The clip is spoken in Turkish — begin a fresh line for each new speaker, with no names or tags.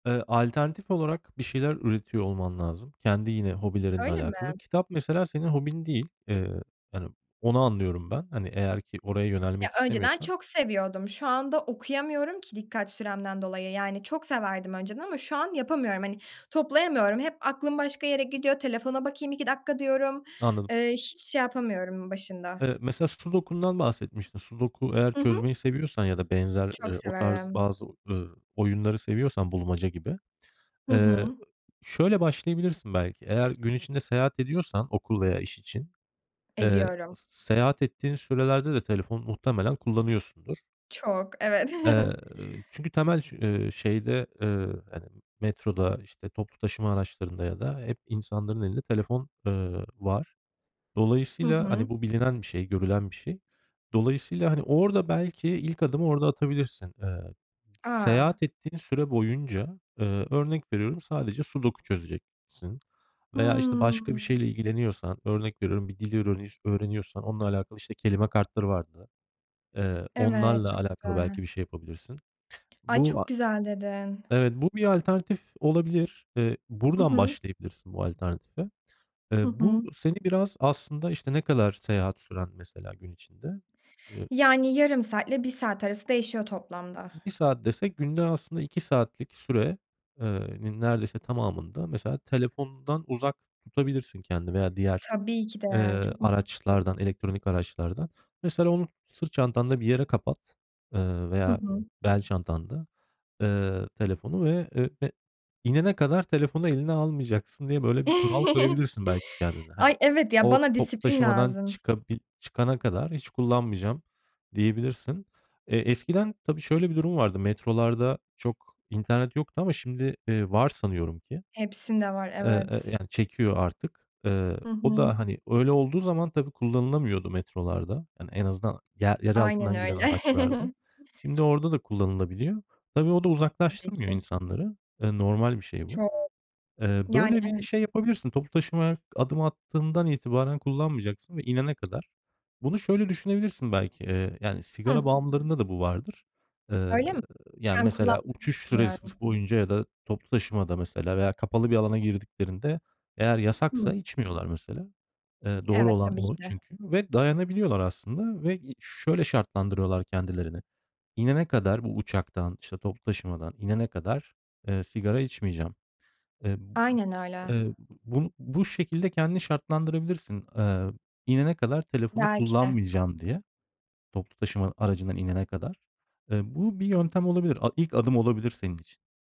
Iıı, alternatif olarak bir şeyler üretiyor olman lazım. Kendi yine hobilerinle
Öyle mi?
alakalı. Kitap mesela senin hobin değil. Eee, yani onu anlıyorum ben. Hani eğer ki oraya
Ya,
yönelmek
önceden
istemiyorsan.
çok seviyordum, şu anda okuyamıyorum ki dikkat süremden dolayı. Yani çok severdim önceden ama şu an yapamıyorum, hani toplayamıyorum hep aklım başka yere gidiyor telefona bakayım 2 dakika diyorum,
Anladım.
eee, hiç şey yapamıyorum başında.
Eee, mesela sudokundan bahsetmiştin. Sudoku eğer
Hı hı.
çözmeyi seviyorsan ya da benzer,
Çok
eee, o tarz
severim.
bazı, ııı, oyunları seviyorsan bulmaca gibi,
Hı
eee,
hı.
şöyle başlayabilirsin belki. Eğer gün içinde seyahat ediyorsan okul veya iş için, eee,
Ediyorum.
s s seyahat ettiğin sürelerde de telefon muhtemelen kullanıyorsundur.
Çok, evet.
Eee, çünkü temel şü eee, şeyde, eee, hani, metroda, işte, toplu taşıma araçlarında ya da hep insanların elinde telefon, ııı, var.
Hı
Dolayısıyla, hani,
hı.
bu bilinen bir şey, görülen bir şey. Dolayısıyla hani orada belki ilk adımı orada atabilirsin. Iıı,
A!
seyahat ettiğin süre boyunca, ııı, örnek veriyorum sadece sudoku çözeceksin veya, işte,
Hıı.
başka bir şeyle ilgileniyorsan örnek veriyorum: Bir dil örenir öğreniyorsan onunla alakalı, işte, kelime kartları vardı. Eee,
Evet,
onlarla
çok
alakalı
güzel.
belki bir şey yapabilirsin.
Ay,
Bu, a
çok güzel dedin.
Evet, bu bir alternatif olabilir. Eee,
Hı
buradan
hı.
başlayabilirsin bu alternatife.
Hı
Eee, bu
hı.
seni biraz aslında, işte, ne kadar seyahat süren mesela gün içinde? Eee
Yani yarım saatle 1 saat arası değişiyor toplamda.
1 saat desek günde aslında 2 saatlik süre eee, nin neredeyse tamamında mesela telefondan uzak tutabilirsin kendini veya diğer,
Tabii ki de
eee,
çok mutl [unintelligible]
araçlardan elektronik araçlardan. Mesela onu sırt çantanda bir yere kapat, ııı,
Hı
veya
hı.
bel çantanda, ııı, telefonu ve ö e inene kadar telefonu eline almayacaksın diye, böyle, bir kural koyabilirsin belki kendine. Hani,
Ay, evet, ya,
"O
bana
toplu
disiplin
taşımadan
lazım.
çıkabil çıkana kadar hiç kullanmayacağım." diyebilirsin. Eee, eskiden tabii şöyle bir durum vardı: Metrolarda çok internet yoktu ama şimdi, iii, var sanıyorum ki
Hepsinde var,
e e eee,
evet.
yani çekiyor artık
Hı
o
hı.
da, hani, öyle olduğu zaman tabii kullanılamıyordu metrolarda, en azından yer yer
Aynen
altından giden
öyle.
araçlarda. Şimdi orada da kullanılabiliyor. Tabii o da
Tabii
uzaklaştırmıyor
ki.
insanları. Ya, normal bir şey bu.
Çok.
Eee,
Yani
böyle bir
evet.
şey yapabilirsin. Toplu taşımaya adım attığından itibaren kullanmayacaksın ve inene kadar. Bunu şöyle düşünebilirsin: Belki, eee, yani,
Hıh?
sigara bağımlılarında da bu vardır. Iıı,
Öyle mi?
yani,
Ben
mesela
kullanmadım hiç,
uçuş süresi
bilmiyorum.
boyunca ya da toplu taşımada mesela veya kapalı bir alana girdiklerinde eğer yasaksa
Hıı.
içmiyorlar mesela. Eee, doğru
Evet,
olan
tabii ki
o
de.
çünkü ve dayanabiliyorlar aslında ve, iii, şöyle şartlandırıyorlar kendilerini. İnene kadar bu uçaktan, işte, toplu taşımadan inene kadar, eee, sigara içmeyeceğim. Eee, b
Aynen
b
öyle.
eee, bu bu bu şekilde kendini şartlandırabilirsin. Iıı, inene kadar telefonu
Belki de.
kullanmayacağım diye toplu taşıma aracından inene kadar. Eee, bu bir yöntem olabilir, a ilk adım olabilir senin için.